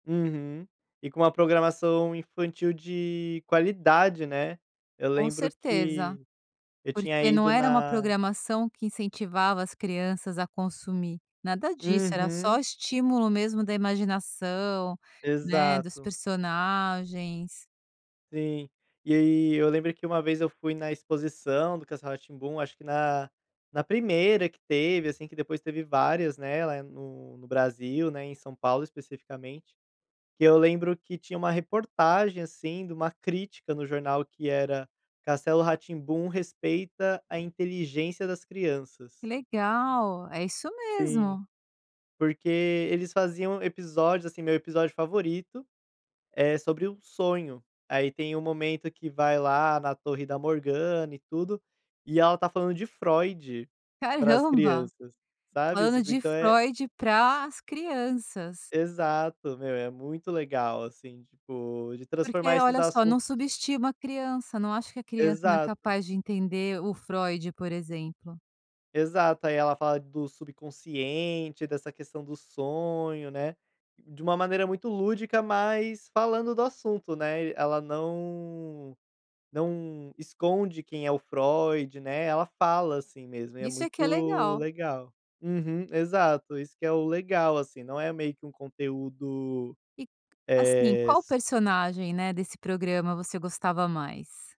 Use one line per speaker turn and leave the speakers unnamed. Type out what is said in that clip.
Uhum. E com uma programação infantil de qualidade, né. Eu
Com
lembro
certeza,
que eu tinha
porque não
ido
era uma
na
programação que incentivava as crianças a consumir. Nada disso, era
Uhum.
só estímulo mesmo da imaginação, né, dos
Exato.
personagens
Sim, e aí eu lembrei que uma vez eu fui na exposição do Castelo Ra-Tim-Bum acho que na na primeira que teve, assim, que depois teve várias, né, lá é no no Brasil, né, em São Paulo, especificamente. Que eu lembro que tinha uma reportagem, assim, de uma crítica no jornal que era: "Castelo Ra-Tim-Bum respeita a inteligência das crianças".
Legal, é isso
Sim.
mesmo.
Porque eles faziam episódios, assim, meu episódio favorito é sobre um sonho. Aí tem um momento que vai lá na torre da Morgana e tudo, e ela está falando de Freud, para as
Caramba,
crianças, sabe.
falando
Tipo
de
então é
Freud para as crianças.
Exato, meu, é muito legal, assim, tipo, de
Porque,
transformar esses
olha só,
assuntos
não subestima a criança, não acha que a criança não é
Exato.
capaz de entender o Freud, por exemplo.
Exato, aí ela fala do subconsciente, dessa questão do sonho, né, de uma maneira muito lúdica mas falando do assunto, né, eh, ela não não esconde quem é o Freud, né, ela fala, assim, mesmo e é
Isso é que é
muito
legal.
legal. Uhum, exato, isso que é o legal assim, não é meio que um conteúdo,
E, assim,
eh,
qual
si
personagem, né, desse programa você gostava mais?